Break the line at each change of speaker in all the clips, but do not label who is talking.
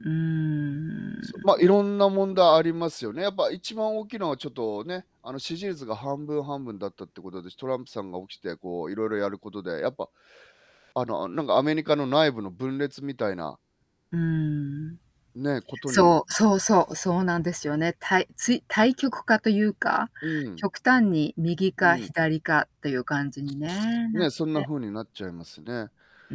うー
ま、
ん。
いろんな問題ありますよね。やっぱ一番大きいのはちょっとね、あの支持率が半分半分だったってことで、トランプさんが起きてこういろいろやることで、やっぱあのなんかアメリカの内部の分裂みたいな
うん。
ね、ことに。
そう、そうそう、そうなんですよね。たい
う
つ
ん。
い対極化というか、
うん。
極端に右
う
か
ん。
左かっていう感じにね、なっ
ね、そんな
て。
風になっちゃいますね。
う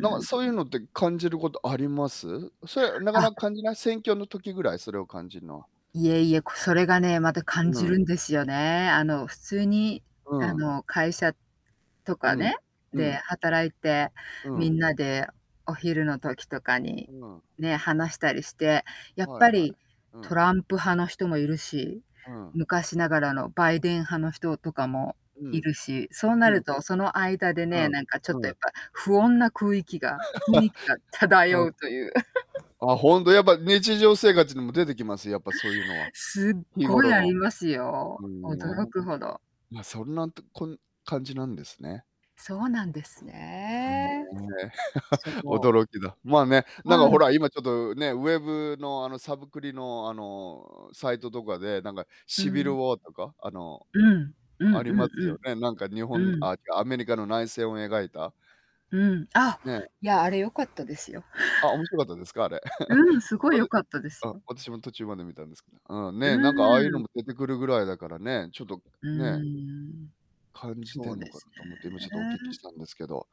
なんかそういう
ん。
のって感じることあります？それなかな
あ。
か感じない、選挙の時ぐらい？それを感じるのは。
いえいえ、こそれがね、また感
う
じ
ん。
るんですよね。あの普通に
う
あ
ん。
の会社と
う
か
ん、
ね、
う
で
ん。
働いて、
うん。
皆でお昼の時とかに、
うん。
ね、話したりして、やっ
はい
ぱ
はい。
り
う
ト
ん。
ランプ派の人もいるし、
うん。
昔ながらのバイデン派の人とかも
う
い
ん。
るし、そうな
うん
るとその間で
う
ね、
ん。うん。
なんかちょっと
う
や
ん。
っぱ不穏な空囲気が雰囲気 が
あ。
漂うという。
あ、ほんとやっぱ日常生活にも出てきます、やっぱそういうのは
すっ
日
ご
頃
いあ
の。
ります
あ
よ。驚
の。
くほど。
ま、そんなとこん感じなんですね。
そうなんです
ね
ね。
え。
そ う。
驚きだ。まあね、
う
なんかほ
ん。
ら今ちょっとね、ウェブのあのサブクリのあのサイトとかで、なんか
う
シビルウ
ん。
ォーとか、あの、
うん、うんう
あ
ん
ります
う
よ
ん。
ね。なんか日
う
本、
ん。
あ、アメリカの内戦を描いた。
うん、あ、
ね。
いや、あれ良かったですよ。
あ、面白かったですか？あれ。
うん、すごい
ま、
良
で。
かったです
あ、
よ。
私も途中まで見たんですけど。うん、
う
ね、なんかああいうの
ーん。
も出てくるぐらいだからね、ちょっと
う
ね。
ーん。
感じて
そう
んの
で
かな
すね。
と思って、今ちょっとお聞きしたんですけど。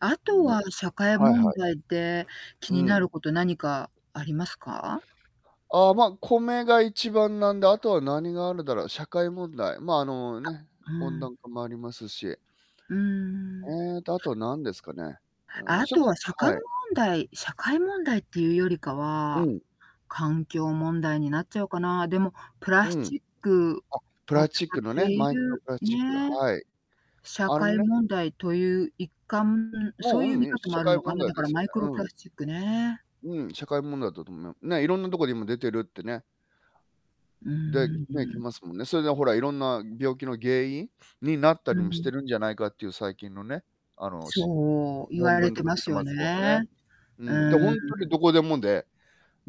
あと
ね、
は社会
はい
問
はい。
題で気
う
にな
ん。
ること何かありますか？
ああ、ま、米が一番なんで、あとは何があるだろう、社会問題、ま、あの、
あ、
ね、
う
温
ん。
暖化もありますし。
うーん。
うーんと、あとなんですかね。うーん、
あ
しょ
と
こ
は社会
は
問
い。
題社会問題っていうよりか
う
は
ん。
環境問題になっちゃうかな。でも、プラ
う
ス
ん。
チッ
あ、
ク
プラ
を
ス
使
チッ
っ
クの
て
ね、
い
マイクロ
る
プラスチック、
ね。
はい。
社
あの
会
ね。
問題という一環そ
も
う
う、
いう見
うん、
方も
社
ある
会
のか
問
な、
題
だ
で
から
すよ
マイク
ね。
ロ
う
プ
ん。
ラスチックね。
うん、社会問題だと思います。ね、いろんなところにも出てるってね。
う
で、
ー
ね、来
ん。
ますもんね。それでほらいろんな病気の原因になったり
う
もして
ん。
るんじゃないかという最近のね、あのし
そう。言
論
われ
文と
て
か
ま
出
す
て
よ
ますもんね。
ね。
う
う
ん、で、
ー
ほんとに
ん。
どこでもで、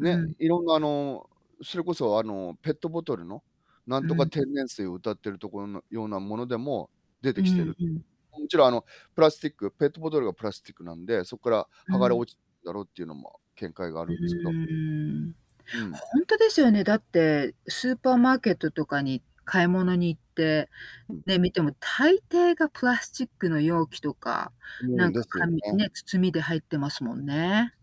うん。
いろんなあの、それこそあのペットボトルのな
う
んとか
ん。
天然水を謳っているところのようなものでも出
う
てきて
ん
る。
うん。
もちろんあのプラスティック、ペットボトルがプラスティックなんで、そっから
う
剥がれ
ん。
落ちてるだろうっていうのも見解があ
う
るんですけど。
ーん。
うん。
ほんとですよね。だってスーパーマーケットとかに買い物に行って、
うん。
ね、見ても大抵がプラスチックの容器とか、
う
な
ん、
ん
で
か
すよ
紙
ね。
ね、包みで入ってますもんね。